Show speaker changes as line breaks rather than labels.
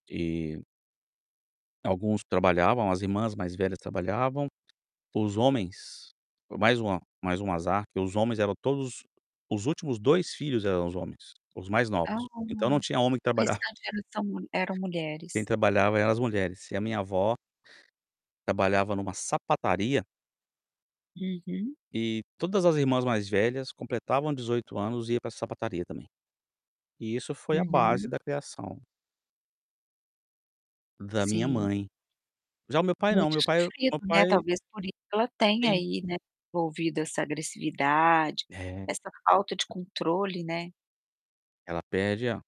E alguns trabalhavam; as irmãs mais velhas trabalhavam. Foi os homens, por mais uma mais um azar, que os homens eram todos os últimos 2 filhos eram os homens, os mais
Ah,
novos. Então não tinha homem que
o
trabalhava.
restante era são eram mulheres.
Quem trabalhava eram as mulheres e a minha avó trabalhava numa sapataria.
Uhum.
E todas as irmãs mais velhas completavam 18 anos e ia para essa sapataria também. E isso foi a base
Uhum.
da criação da minha
Sim.
mãe. Já o meu pai não,
Muito
meu pai
sofrido,
meu
né,
pai
talvez por i ela tenha
tem.
aí, né, desenvolvido essa agressividade,
É.
essa falta de controle, né.
Ela pede a